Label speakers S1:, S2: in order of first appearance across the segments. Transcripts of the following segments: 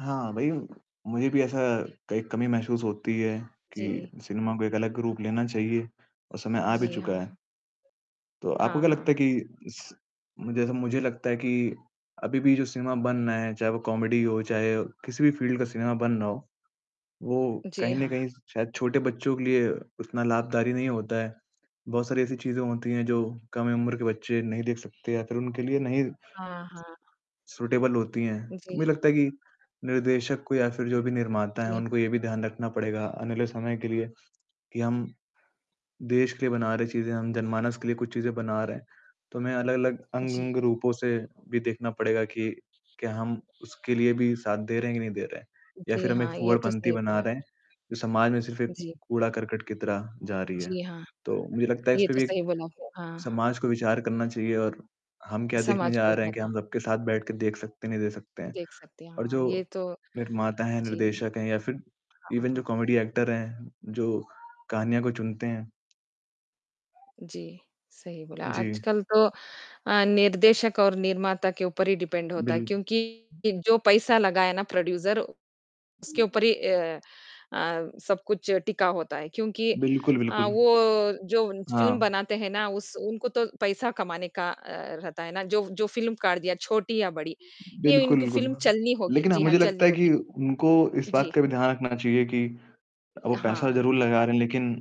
S1: हाँ, भई मुझे भी ऐसा कई कमी महसूस होती है कि
S2: जी।
S1: सिनेमा को एक अलग रूप लेना चाहिए और समय आ भी
S2: जी
S1: चुका
S2: हाँ।
S1: है। तो आपको
S2: हाँ,
S1: क्या लगता
S2: हाँ।
S1: है कि स मु जैसे मुझे लगता है कि अभी भी जो सिनेमा बनना है, चाहे वो कॉमेडी हो, चाहे किसी भी फील्ड का सिनेमा बन रहा हो, वो
S2: जी
S1: कहीं न
S2: हाँ।
S1: कहीं शायद छोटे बच्चों के लिए उतना लाभकारी नहीं होता है। बहुत सारी ऐसी चीज़ें होती हैं जो कम उम्र के बच्चे नहीं देख सकते या फिर उनके लिए नहीं
S2: हाँ, हाँ।
S1: ...सूटेबल होती हैं, तो
S2: जी
S1: मुझे
S2: हाँ।
S1: लगता है कि निर्देशक को या फिर जो भी निर्माता हैं
S2: जी।
S1: उनको ये भी ध्यान रखना पड़ेगा आने वाले समय के लिए कि हम देश के लिए बना रहे चीजें, हम जनमानस के लिए कुछ चीज़ें बना रहे हैं, तो हमें अलग-अलग
S2: जी।
S1: अंग-अंग रूपों से भी देखना पड़ेगा कि क्या हम उसके लिए भी साथ दे रहे हैं कि नहीं दे रहे हैं। या
S2: जी
S1: फिर हम एक
S2: हाँ, ये तो
S1: फूहड़पंती
S2: सही
S1: बना
S2: बोला।
S1: रहे हैं, जो समाज में सिर्फ एक
S2: जी।
S1: कूड़ा-करकट की तरह जा रही है।
S2: जी हाँ।
S1: तो मुझे लगता है इस
S2: ये
S1: पे
S2: तो
S1: भी
S2: सही बोला। हाँ।
S1: समाज को विचार करना चाहिए और हम क्या देखने
S2: समाज खुल
S1: जा रहे हैं कि हम
S2: सका।
S1: सबके साथ बैठ के देख सकते हैं, नहीं देख सकते हैं।
S2: देख सकते हैं।
S1: और
S2: हाँ, ये
S1: जो
S2: तो
S1: निर्माता हैं,
S2: जी।
S1: निर्देशक हैं या फिर इवन जो
S2: हाँ।
S1: कॉमेडी एक्टर हैं, जो कहानियों को चुनते हैं।
S2: जी, सही बोला।
S1: जी।
S2: आजकल तो अ, निर्देशक और निर्माता के ऊपर ही डिपेंड होता है,
S1: बिल्
S2: क्योंकि जो पैसा लगाया ना प्रोड्यूसर उसके ऊपर ही अ अ, सब कुछ टिका होता है। क्योंकि
S1: बिल्कुल,
S2: अ,
S1: बिल्कुल।
S2: वो जो उन फिल्म
S1: हाँ।
S2: बनाते हैं ना, उस उनको तो पैसा कमाने का अ, रहता है ना, जो जो फिल्मकार दिया छोटी या बड़ी, ये
S1: बिल्कुल,
S2: इनकी
S1: बिल्कुल।
S2: फिल्म चलनी होगी।
S1: लेकिन अ,
S2: जी हाँ,
S1: मुझे लगता
S2: चलनी
S1: है कि
S2: होगी।
S1: उनको इस बात
S2: जी।
S1: का भी ध्यान रखना चाहिए कि वो पैसा
S2: हाँ।
S1: ज़रूर लगा रहे हैं लेकिन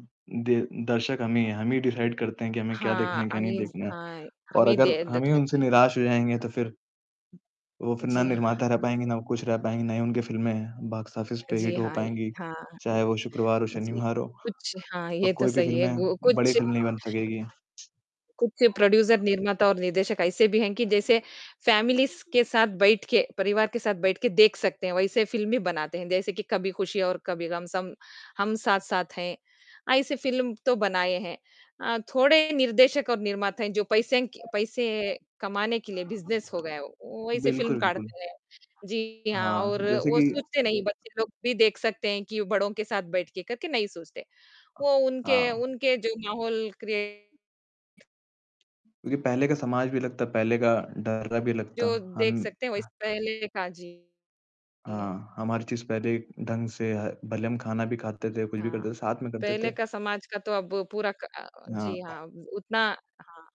S1: दे दर्शक हम ही हैं। हम ही डिसाइड करते हैं कि हमें क्या
S2: हाँ।
S1: देखना है,
S2: अ,
S1: क्या नहीं
S2: मीज़
S1: देखना है
S2: हाँ, हम
S1: और
S2: ही
S1: अगर
S2: दे देख
S1: हम ही उनसे
S2: सकते हैं।
S1: निराश हो जाएँगे तो फिर वो फिर ना
S2: जी हाँ।
S1: निर्माता रह पाएँगे, ना कुछ रह पाएँगे, ना ही उनकी फिल्में हैं, बॉक्स ऑफिस पे
S2: जी
S1: हिट हो
S2: हाँ, ये
S1: पाएँगी।
S2: हाँ, ये
S1: चाहे वो शुक्रवार हो,
S2: जी।
S1: शनिवार हो।
S2: कुछ हाँ,
S1: अ,
S2: ये तो
S1: कोई भी
S2: सही है,
S1: फिल्में
S2: गो
S1: बड़ी
S2: कुछ
S1: फिल्म नहीं बन सकेगी।
S2: कुछ प्रोड्यूसर निर्माता और निर्देशक ऐसे भी हैं कि जैसे फ़ैमिलीज़ के साथ बैठ के, परिवार के साथ बैठ के देख सकते हैं, वैसी फिल्म ही बनाते हैं। जैसे कि कभी खुशी और कभी गम, सम हम साथ-साथ हैं, ऐसी फिल्म तो बनाए हैं। अ, थोड़े निर्देशक और निर्माता हैं जो पैसे क पैसे कमाने के लिए बिज़नेस हो गया है वो, वो ऐसी फिल्म
S1: बिल्कुल, बिल्कुल।
S2: काढ़ते हैं। जी हाँ
S1: हाँ,
S2: और
S1: जैसे
S2: वो
S1: कि
S2: सोचते नहीं बच्चे लोग भी देख सकते हैं कि बड़ों के साथ बैठ के करके नहीं सोचते। वो उनके
S1: हाँ।
S2: उनके जो माहौल क्रीऐट
S1: क्योंकि पहले का समाज भी लगता, पहले का डर भी लगता।
S2: जो
S1: हम
S2: देख सकते हैं, वही स पहले का जी। जी।
S1: हाँ, हमारी चीज़ पहले ढंग से ह भले हम खाना भी खाते थे, कुछ भी
S2: हाँ।
S1: करते थे, साथ में करते
S2: पहले
S1: थे।
S2: का समाज का तो अब पूरा क अ अ, जी
S1: हाँ।
S2: हाँ, उतना हाँ।